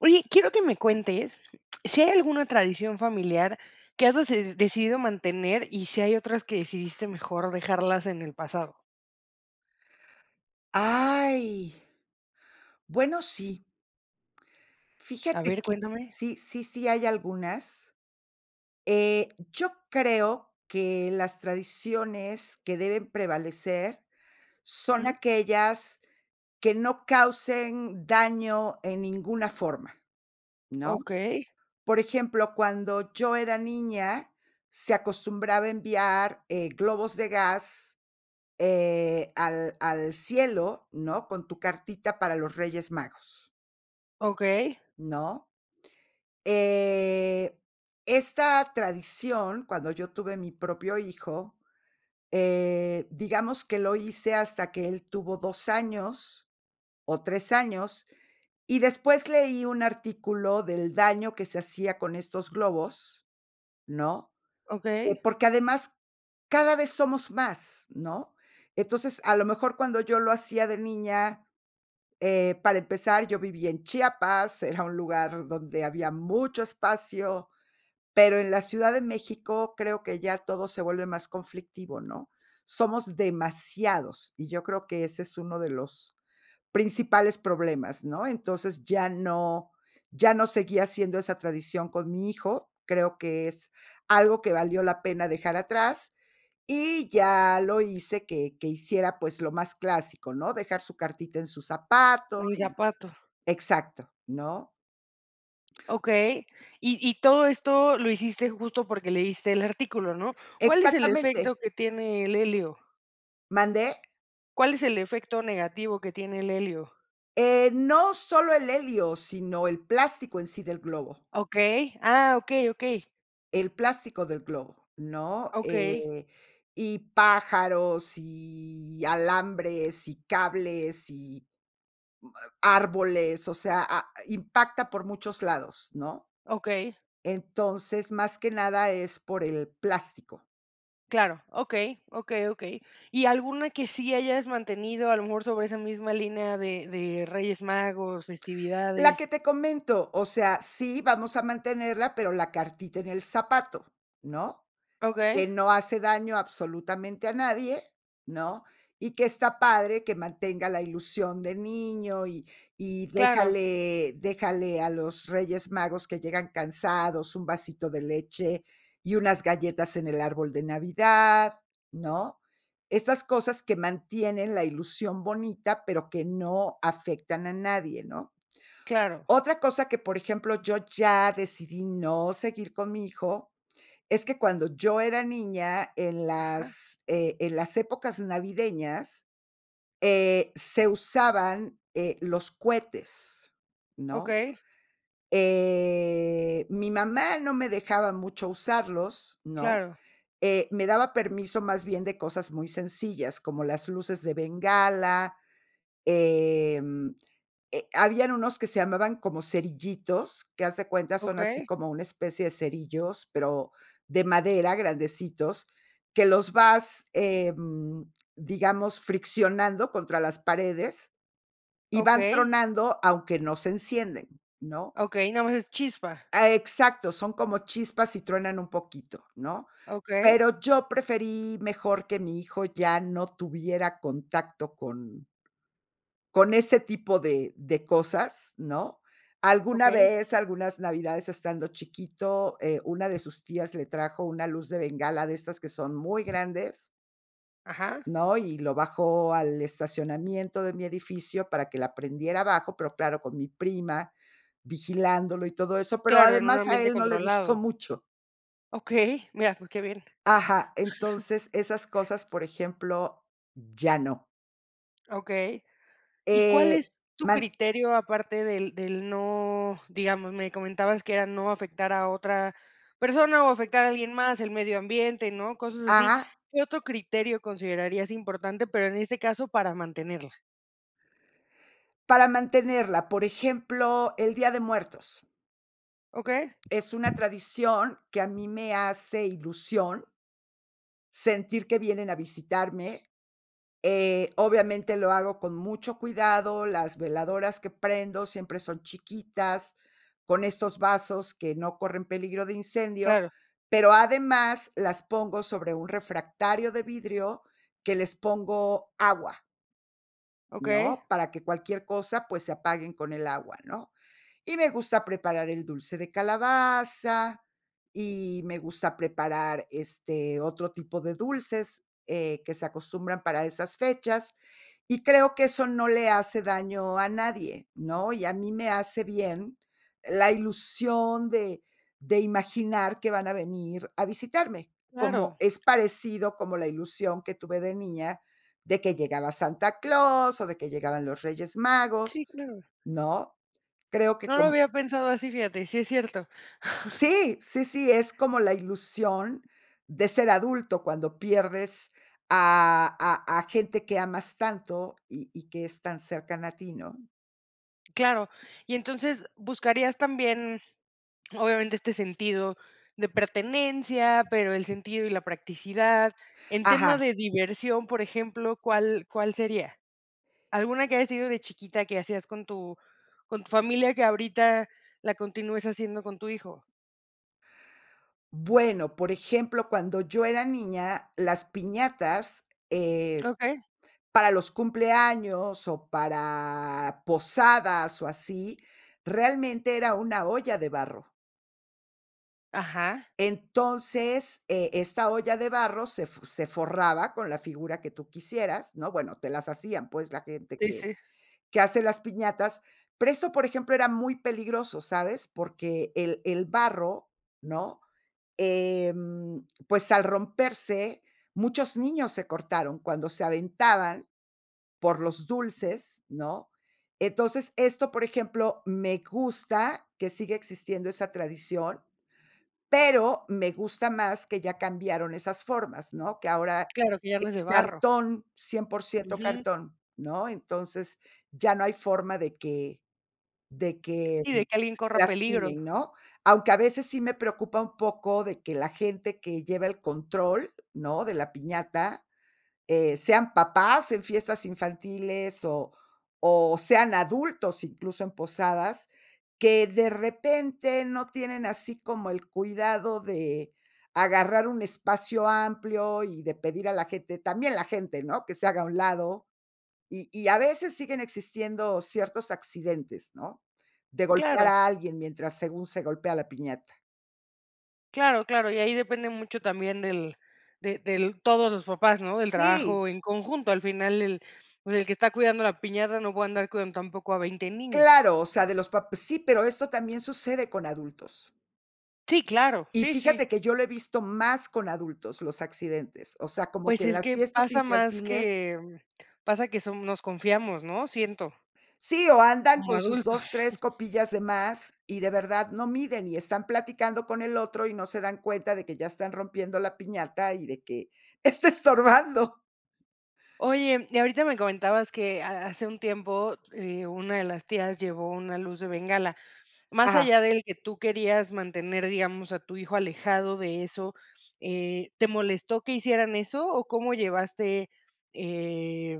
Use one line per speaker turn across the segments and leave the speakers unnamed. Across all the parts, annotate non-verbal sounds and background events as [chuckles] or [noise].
Oye, quiero que me cuentes sí hay alguna tradición familiar que has deced decidido mantener y si hay otras que decidiste mejor dejarlas en el pasado.
Ay. Bueno, sí.
A
Fíjate
ver,
que,
cuéntame.
sí sí sí hay algunas. Eh, yo creo que las tradiciones que deben prevalecer son
Jum.
aquellas que no causen daño en ninguna forma, ¿no?
Okey.
Por ejemplo, cuando yo era niña, se acostumbraba enviar, eh, globos de gas, eh, al al cielo, ¿no?, con tu cartita para los Reyes Magos
Okey.
¿no? Eh, esta tradición, cuando yo tuve mi propio hijo, eh, digamos que lo hice hasta que él tuvo 2 años, o 3 años, y después leí un artículo del daño que se hacía con estos globos, ¿no? Eh,
Okey.
porque además cada vez somos más, ¿no? Entonces, a lo mejor cuando yo lo hacía de niña, eh, para empezar, yo vivía en Chiapas, era un lugar donde había mucho espacio, pero en la Ciudad de México creo que ya todo se vuelve más conflictivo, ¿no? Somos demasiados, y yo creo que ese es uno de los principales problemas, ¿no? Entonces, ya no ya no seguía haciendo esa tradición con mi hijo, creo que es algo que valió la pena dejar atrás, y ya lo hice que que hiciera, pues, lo más clásico, ¿no? Dejar su cartita en su zapato
[unintelligible]
y
zapato.
exacto, ¿no?
Okey. Y y todo esto lo hiciste justo porque leíste el artículo, ¿no? ¿Cuál es el
Exactamente.
efecto que tiene el helio?
¿Mande?
¿Cuál es el efecto negativo que tiene el helio?
Eh, no solo el helio, sino el plástico en sí del globo.
Okey. Ah, okey, okey.
El plástico del globo, ¿no?
Okey.
Eh, y pájaros, y alambres, y cables, y árboles, o sea, a impacta por muchos lados, ¿no?
Okey.
Entonces, más que nada es por el plástico.
Claro, okey, okey, okey ¿Y alguna que sí hayas mantenido a lo mejor sobre esa misma línea de de Reyes Magos,
La que
festividades?
te comento, o sea, sí vamos a mantenerla, pero la cartita en el zapato, ¿no?,
Okey.
que no hace daño absolutamente a nadie, ¿no?, y que está padre que mantenga la ilusión de niño, y y
Claro.
déjale déjale a los Reyes Magos que llegan cansados, un vasito de leche y unas galletas en el árbol de Navidad, ¿no? Esas cosas que mantienen la ilusión bonita, pero que no afectan a nadie, ¿no?
Claro.
Otra cosa que, por ejemplo, yo ya decidí no seguir con mi hijo es que cuando yo era niña, en
Ajá.
las, eh, en las épocas navideñas, eh, se usaban, eh, los cuetes, ¿no?
Okey.
Eh, mi mamá no me dejaba mucho usarlos, ¿no?,
Claro.
eh, me daba permiso, más bien, de cosas muy sencillas, como las luces de bengala, em, eh, habían unos que se llamaban como cerillitos, que haz de cuenta son así
Okey.
como una especie de cerillos, pero de madera grandecitos, que los vas, em, digamos, friccionando contra las paredes, y van
Okey.
tronando, aunque no se encienden, ¿no?
Okey, nada más es chispa.
Ah, exacto, son como chispas, y truenan un poquito, ¿no?
Okey.
Pero yo preferí mejor que mi hijo ya no tuviera contacto con con ese tipo de de cosas, ¿no? Alguna
Okey.
vez, algunas navidades estando chiquito, eh, una de sus tías le trajo una luz de bengala de estas que son muy grandes
Ajá.
¿no? Y lo bajó al estacionamiento de mi edificio para que la prendiera abajo, pero claro, con mi prima, vigilándolo y todo eso, pero
Claro, en un
además a
ambiente
él no le gustó
controlado.
mucho.
Okey, mira, pues, qué bien.
Ajá, entonces esas cosas, por ejemplo, ya no.
Okey. Y cuál
Eh,
es tu
man
criterio aparte del del no digamos, me comentabas que era no afectar a otra persona, o afectar a alguien más, el medio ambiente, ¿no? Cosas así.
Ajá.
¿Qué otro criterio considerarías importante, pero en este caso, para mantenerla?
Para mantenerla, por ejemplo, el Día de Muertos.
Okey.
Es una tradición que a mí me hace ilusión sentir que vienen a visitarme, eh, obviamente, lo hago con mucho cuidado, las veladoras que prendo siempre son chiquitas, con estos vasos que no corren peligro de incendio,
Claro.
pero además las pongo sobre un refractario de vidrio que les pongo agua
Okey.
¿no?, para que cualquier cosa, pues, se apaguen con el agua, ¿no? Y me gusta preparar el dulce de calabaza, y me gusta preparar, este, otro tipo de dulces, eh, que se acostumbran para esas fechas, y creo que eso no le hace daño a nadie, ¿no? Y a mí me hace bien la ilusión de de imaginar que van a venir a visitarme, como
Claro.
es parecido como la ilusión que tuve de niña de que llegaba Santa Claus, o de que llegaban los Reyes Magos,
Sí, claro.
¿no? Creo que
No lo
com
había pensado así, fíjate, y sí es cierto. [chuckles]
Sí, sí, sí, es como la ilusión de ser adulto cuando pierdes a a a gente que amas tanto, y y que es tan cercana a ti, ¿no?
Claro, y entonces buscarías también, obviamente, este sentido de pertenencia, pero el sentido y la practicidad en tema
Ajá.
de diversión, por ejemplo, ¿cuál cuál sería? Alguna que haya sido de chiquita, que hacías con tu con tu familia, que ahorita la continúes haciendo con tu hijo.
Bueno, por ejemplo, cuando yo era niña, las piñatas, eh,
Okey.
para los cumpleaños, o, para posadas, o, así, realmente era una olla de barro.
Ajá.
Entonces, eh, esta olla de barro se f se forraba con la figura que tú quisieras, ¿no? Bueno, te las hacían, pues, la gente
Sí,
que
sí.
que hace las piñatas. Pero eso por ejemplo, era muy peligroso, ¿sabes? Porque el el barro, ¿no? Em, pues, al romperse, muchos niños se cortaron cuando se aventaban por los dulces, ¿no? Entonces, esto, por ejemplo, me gusta que siga existiendo esa tradición, pero me gusta más que ya cambiaron esas formas, ¿no? Que ahora
Claro, que ya no es de
es
barro.
cartón, 100%
Ujú.
cartón, ¿no? Entonces, ya no hay forma de que de que,
Y
mm,
de que alguien
se
corra peligro.
lastimen, ¿no? Aunque a veces sí me preocupa un poco de que la gente que lleva el control, ¿no?, de la piñata, eh, sean papás en fiestas infantiles, o o, sean adultos, incluso en posadas, que de repente no tienen así como el cuidado de agarrar un espacio amplio, y de pedir a la gente, también la gente, ¿no?, que se haga a un lado. Y y, a veces siguen existiendo ciertos accidentes, ¿no? De golpear
Claro.
a alguien mientras según se golpea a la piñata.
Claro, claro, y ahí depende mucho también del de del todos los papás, ¿no? Del
Sí.
trabajo en conjunto. Al final, el, pues, el que está cuidando la piñata no puede andar cuidando tampoco a 20 niños.
Claro, o sea, de los pap sí, pero esto también sucede con adultos.
Sí, claro.
Y
Sí, sí.
fíjate que yo lo he visto más con adultos, los accidentes, o sea, como
Pues,
que en
es
las
que
fiestas
pasa más
infantiles
que pasa que son nos confiamos, ¿no? Siento.
Sí, o andan
Como
con sus dos,
adultos.
tres
[chuckles]
copillas de más, y de verdad no miden, y están platicando con el otro, y no se dan cuenta de que ya están rompiendo la piñata, y de que está estorbando.
Oye, y ahorita me comentabas que ha hace un tiempo, eh, una de las tías llevó una luz de bengala. Más
Ajá.
allá del que tú querías mantener, digamos, a tu hijo alejado de eso, eh, ¿te molestó que hicieran eso? ¿O cómo llevaste?, eh,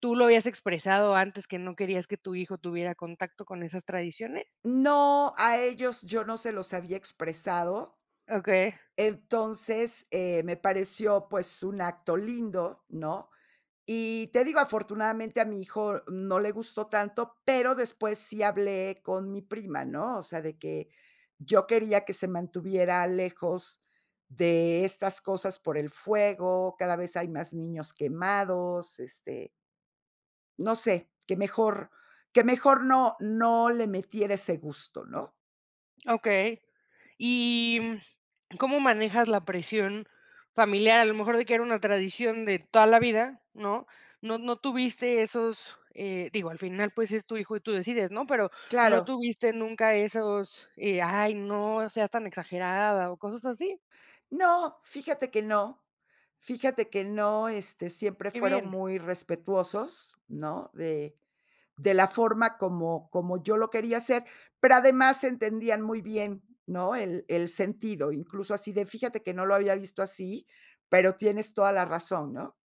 ¿tú lo habías expresado antes que no querías que tu hijo tuviera contacto con esas tradiciones?
No, a ellos yo no se los había expresado
Okey.
entonces, eh, me pareció, pues, un acto lindo, ¿no? Y te digo, afortunadamente a mi hijo no le gustó tanto, pero después sí hablé con mi prima, ¿no? O sea, de que yo quería que se mantuviera lejos de estas cosas por el fuego, cada vez hay más niños quemados, este no sé, que mejor que mejor, no no le metiera ese gusto, ¿no?
Okey. ¿Y, mm, [swallows] cómo manejas la presión familiar? A lo mejor de que era una tradición de toda la vida, ¿no? No no tuviste esos, eh, digo, al final, pues, es tu hijo y tú decides, ¿no? Pero, ¿no
Claro.
tuviste nunca esos, eh: "Ay no seas tan exagerada", o, cosas así?
No, fíjate que no. Fíjate que no, este, siempre
Qué
fueron
bien.
muy respetuosos, ¿no?, de de la forma como como yo lo quería hacer, pero además entendían muy bien, ¿no?, el el sentido, incluso así de, fíjate que no lo había visto así, pero tienes toda la razón, ¿no?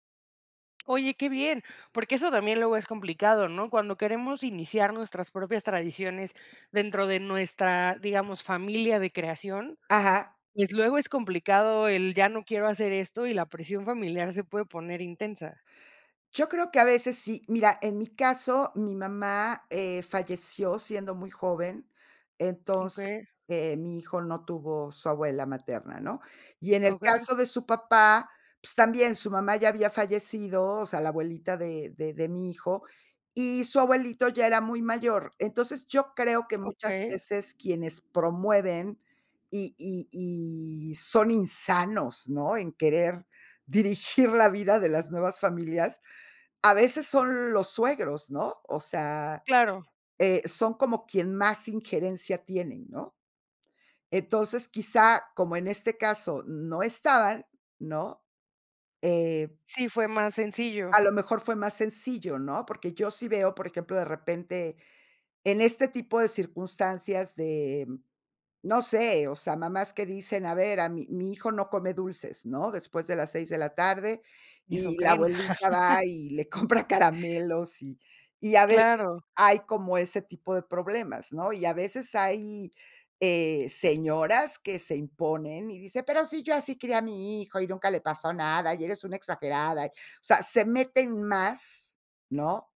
Oye, qué bien, porque eso también luego es complicado, ¿no? Cuando queremos iniciar nuestras propias tradiciones dentro de nuestra, digamos, familia de creación,
Ajá.
pues, luego es complicado el ya no quiero hacer esto, y la presión familiar se puede poner intensa.
Yo creo que a veces sí, mira, en mi caso, mi mamá, eh, falleció siendo muy joven, entonces,
Okey.
mi hijo no tuvo su abuela materna, ¿no? Y en el
Okey.
caso de su papá, pues, también su mamá ya había fallecido, o sea, la abuelita de de de mi hijo, y su abuelito ya era muy mayor. Entonces, yo creo que muchas
Okey.
veces quienes promueven, y y y son insanos, ¿no?, en querer dirigir la vida de las nuevas familias, a veces son los suegros, ¿no? O sea,
Claro.
eh, son como quien más injerencia tienen, ¿no? Entonces, quizá, como en este caso, no estaban, ¿no? Eh
Sí, fue más sencillo.
a lo mejor fue más sencillo, ¿no? Porque yo sí veo, por ejemplo, de repente en este tipo de circunstancias de no sé, o sea, mamás que dicen: "A ver, a mi mi hijo no come dulces", ¿no? "Después de las 6 de la tarde".
¿Eso
Y la
creen?
abuelita va
[chuckles]
y le compra caramelos, y y a veces
Claro.
hay como ese tipo de problemas, ¿no? Y a veces hay, eh, señoras que se imponen, y dicen: "Pero si yo así crié a mi hijo y nunca le pasó nada, y eres una exagerada" y o sea, se meten más, ¿no?,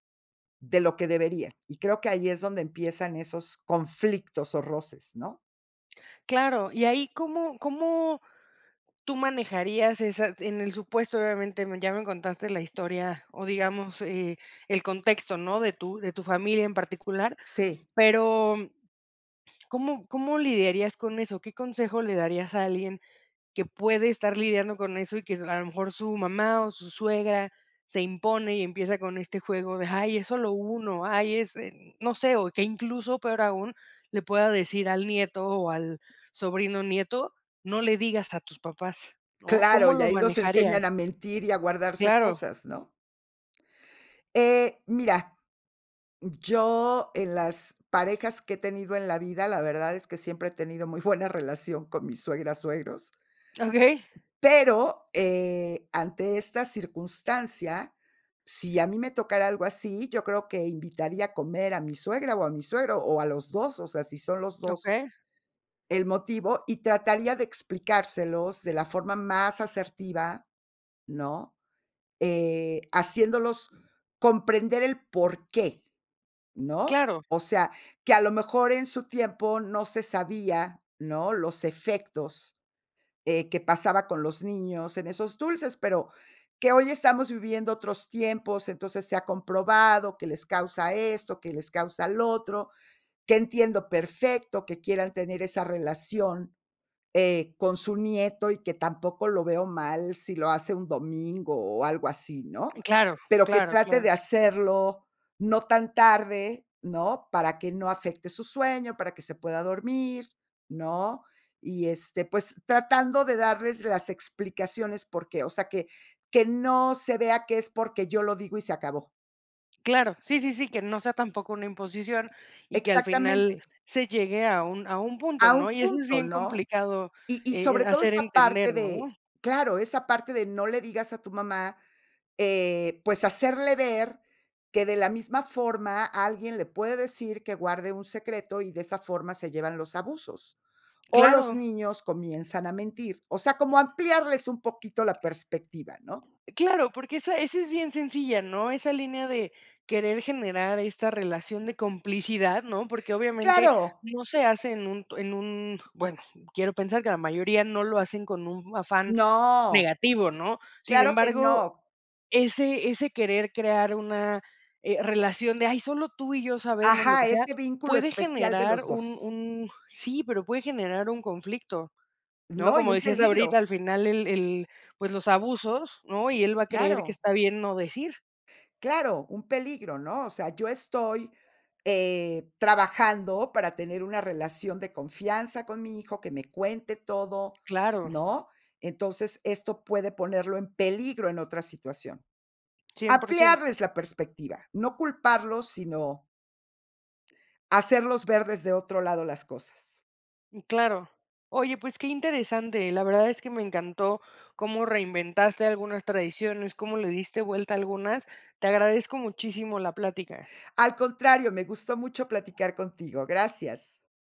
de lo que deberían. Y creo que ahí es donde empiezan esos conflictos, o, roces, ¿no?
Claro, y ahí ¿cómo cómo tú manejarías esa? en el supuesto, obviamente, ya me contaste la historia o, digamos, eh, el contexto, ¿no?, de tu de tu familia en particular,
Sí.
pero mm, ¿cómo cómo lidiarías con eso? ¿Qué consejo le darías a alguien que puede estar lidiando con eso? Y que es a lo mejor su mamá o su suegra se impone, y empieza con este juego de: "Ay, es solo 1, ay es", eh, no sé, o que incluso peor aún, le pueda decir al nieto, o al sobrino nieto: "No le digas a tus papás", ¿no?
Claro,
¿Cómo
y
lo
ahí los enseñan
manejarías?
a mentir y a guardarse
Claro.
cosas, ¿no? Eh, mira. Yo, en las parejas que he tenido en la vida, la verdad es que siempre he tenido muy buena relación con mis suegras, suegros.
Okey.
Pero, eh, ante esta circunstancia, si a mí me tocara algo así, yo creo que invitaría a comer a mi suegra o a mi suegro, o a los 2, o sea, si son los 2
Okey.
el motivo, y trataría de explicárselos de la forma más asertiva, ¿no?, eh, haciéndolos comprender el porqué, ¿no?
Claro.
O sea, que a lo mejor en su tiempo no se sabía, ¿no?, los efectos eh, que pasaba con los niños en esos dulces, pero, que hoy estamos viviendo otros tiempos, entonces se ha comprobado que les causa esto, que les causa lo otro. Que entiendo perfecto, que quieran tener esa relación, eh, con su nieto, y que tampoco lo veo mal si lo hace un domingo, o algo así, ¿no?
Claro,
Pero que
claro,
trate
claro.
de hacerlo, no tan tarde, ¿no?, para que no afecte su sueño, para que se pueda dormir, ¿no? Y este, pues, tratando de darles las explicaciones porque, o sea, que que no se vea que es porque yo lo digo y se acabó.
Claro, sí, sí, sí, que no sea tampoco una imposición, y que al final
Exactamente.
se llegue a un a un punto,
A
¿no?
un
Y eso es
punto,
bien
¿no?
complicado,
Y y
e eh,
sobre todo
hacer
esa parte
entender, ¿no?
de claro, esa parte de: "No le digas a tu mamá", eh, pues hacerle ver que de la misma forma alguien le puede decir que guarde un secreto, y de esa forma se llevan los abusos. O los
Claro.
niños comienzan a mentir, o sea, como ampliarles un poquito la perspectiva, ¿no?
Claro, porque esa esa es bien sencilla, ¿no? Esa línea de querer generar esta relación de complicidad, ¿no? Porque, obviamente,
Claro.
no se hace en un en un, bueno, quiero pensar que la mayoría no lo hacen con un afán
No.
negativo, ¿no? Sin
Claro que
embargo,
no.
ese ese querer crear, una, eh, relación de, ay, solo tú y yo sabemos lo
Ajá,
que sea,
ese vínculo
puede
especial de
generar
los
un
2.
un sí, pero puede generar un conflicto, ¿no?
No, y
Como
un
decías ahorita,
peligro.
al final el el pues, los abusos, ¿no? Y él va a creer que
Claro.
está bien no decir.
Claro, un peligro, ¿no? O sea, yo estoy, eh, trabajando para tener una relación de confianza con mi hijo, que me cuente todo,
Claro.
¿no? Entonces, esto puede ponerlo en peligro en otra situación.
100%
Ampliarles la perspectiva, no culparlos, sino hacerlos ver desde otro lado las cosas.
Mm, claro, oye, pues qué interesante, la verdad es que me encantó como reinventaste algunas tradiciones, cómo le diste vuelta a algunas. Te agradezco muchísimo la plática.
Al contrario, me gustó mucho platicar contigo. Gracias.